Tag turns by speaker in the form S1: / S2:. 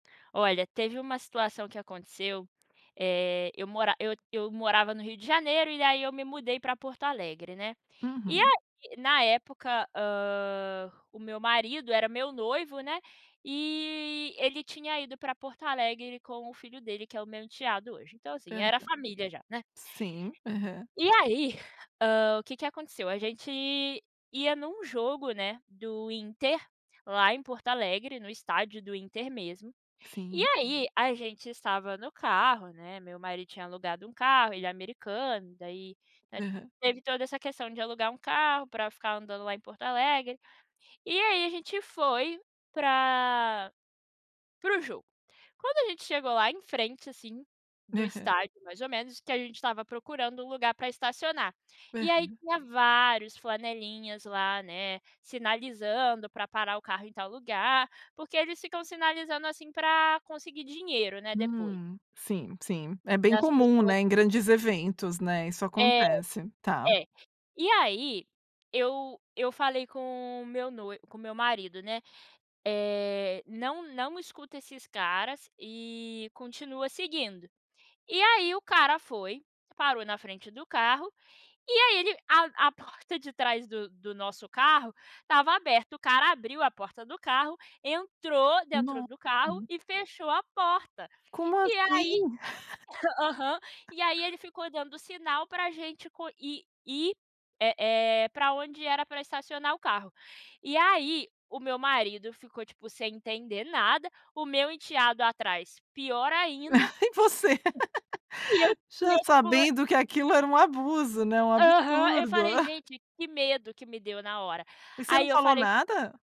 S1: Olha, teve uma situação que aconteceu, eh, eu mora eu eu morava no Rio de Janeiro e aí eu me mudei para Porto Alegre, né, e a
S2: Uhum.
S1: na época, ah, o meu marido era meu noivo, né, e ele tinha ido para Porto Alegre com o filho dele que é o meu enteado hoje, então assim
S2: Aham,
S1: era a família já, né.
S2: sim, aham.
S1: E aí, hã, o que que aconteceu, a gente ia em um jogo, né, do Inter, lá em Porto Alegre, no estádio do Inter mesmo, e
S2: Sim.
S1: aí a gente estava no carro, né, meu marido tinha alugado um carro, ele é americano, daí
S2: Uhum.
S1: teve toda essa questão de alugar um carro para ficar andando lá em Porto Alegre. E aí a gente foi para, para o jogo. Quando a gente chegou lá em frente assim, do
S2: Uhum.
S1: estádio mais ou menos que a gente estava procurando um lugar para estacionar. E aí
S2: Aham.
S1: tinha vários flanelinhas lá, né, sinalizando para parar o carro em tal lugar, porque eles ficam sinalizando assim para conseguir dinheiro, né, depois.
S2: Hum, sim, sim, é bem
S1: As
S2: comum,
S1: pessoas.
S2: né, em grandes eventos, né, isso
S1: É,
S2: acontece, tá.
S1: é, e aí, eu eu falei com o meu noivo, com o meu marido, né, eh, não não escuta esses caras e continua seguindo. E aí o cara foi, parou na frente do carro, e aí ele, a a porta de trás do do nosso carro estava aberta, o cara abriu a porta do carro, entrou dentro
S2: No,
S1: do carro
S2: hum
S1: e fechou a porta.
S2: Como
S1: E
S2: assim?
S1: aí, aham, e aí ele ficou dando sinal para gente ir, eh, para onde era para estacionar o carro. E aí, o meu marido ficou tipo sem entender nada, o meu enteado atrás pior ainda,
S2: E você?
S1: e eu
S2: já
S1: tipo
S2: sabendo que aquilo era um abuso, né, um
S1: Aham, eu
S2: absurdo!
S1: falei: "Gente, que medo que me deu na hora".
S2: Mas você
S1: Aí
S2: não
S1: eu
S2: falou
S1: falei
S2: nada?